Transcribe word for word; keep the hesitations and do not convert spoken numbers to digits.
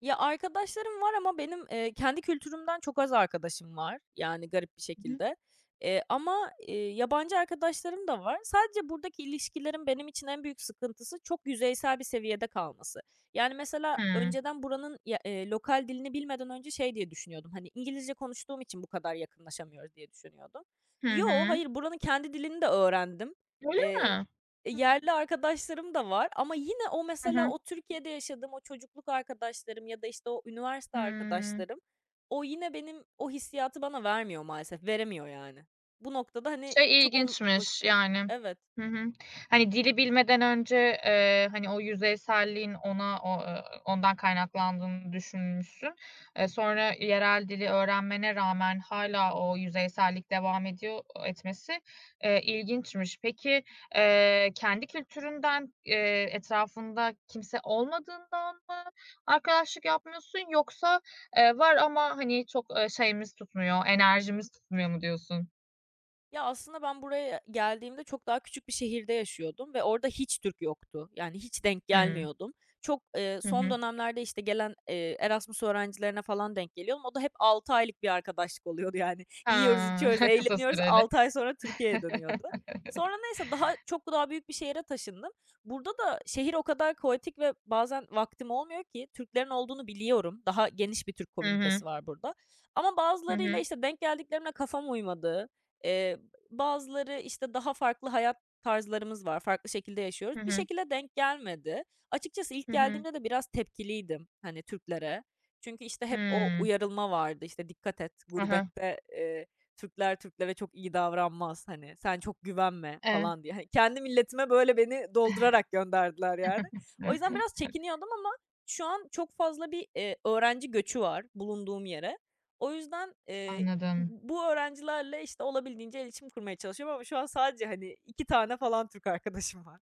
Ya, arkadaşlarım var ama benim, eee, kendi kültürümden çok az arkadaşım var. Yani, garip bir Hı hı. şekilde, eee, ama, eee, yabancı arkadaşlarım da var. Sadece buradaki ilişkilerin benim için en büyük sıkıntısı çok yüzeysel bir seviyede kalması. Yani, mesela, Hıı. önceden buranın, ııı, ya lokal dilini bilmeden önce şey diye düşünüyordum. Hani, İngilizce konuştuğum için bu kadar yakınlaşamıyoruz diye düşünüyordum. Hı Yo, hı. hayır. Buranın kendi dilini de öğrendim. Öyle Eee, mi? e, Hıı. yerli arkadaşlarım da var ama yine o, Hı mesela, hı. o Türkiye'de yaşadığım o çocukluk arkadaşlarım ya da işte o üniversite Hıı. arkadaşlarım, o yine benim o hissiyatı bana vermiyor maalesef. Veremiyor, yani. Bu noktada, hani, Şey, çoğun ilginçmiş vakti yani. Evet. Hı hı. Hani, dili bilmeden önce, ııı, hani, o yüzeyselliğin ona, o, ııı, ondan kaynaklandığını düşünmüşsün. E, sonra yerel dili öğrenmene rağmen hâlâ o yüzeysellik devam ediyor. Etmesi, e ilginçmiş. Peki, ııı, kendi kültüründen, ııı, etrafında kimse olmadığından mı arkadaşlık yapmıyorsun yoksa, ııı, var ama, hani, çok şeyimiz tutmuyor, enerjimiz tutmuyor mu diyorsun? Ya, aslında ben buraya geldiğimde çok daha küçük bir şehirde yaşıyordum ve orada hiç Türk yoktu. Yani, hiç denk Hı. gelmiyordum. Çok, ııı, Hı son hı. dönemlerde işte gelen, ııı, Erasmus öğrencilerine falan denk geliyordum. O da hep altı aylık bir arkadaşlık oluyordu, yani. Yiyoruz, Hıı. içiyoruz, Kısa eğleniyoruz, süreli. altı ay sonra Türkiye'ye dönüyordu. Sonra neyse, daha çok daha büyük bir şehre taşındım. Burada da şehir o kadar kaotik ve bazen vaktim olmuyor ki Türklerin olduğunu biliyorum. Daha geniş bir Türk Hı komünitesi hı. var burada ama Hı bazılarıyla, hı. işte, denk geldiklerimle kafam uymadı. Iıı, bazıları, işte, daha farklı hayat tarzlarımız var, farklı şekilde yaşıyoruz. Hı Bir hı. şekilde denk gelmedi. Açıkçası ilk Hı hı. geldiğimde de biraz tepkiliydim, hani, Türklere. Çünkü işte hep o Hıı. uyarılma vardı: "İşte dikkat et, Hı hı. gurbette, ııı, Türkler Türklere çok iyi davranmaz, hani sen çok güvenme." Eee falan diye. Hani, kendi milletime böyle beni doldurarak gönderdiler, yani. O yüzden biraz çekiniyordum ama şu an çok fazla bir, eee, öğrenci göçü var bulunduğum yere. O yüzden, eee, [unintelligible] Anladım. bu öğrencilerle, işte, olabildiğince iletişim kurmaya çalışıyorum ama şu an sadece, hani, iki tane falan Türk arkadaşım var.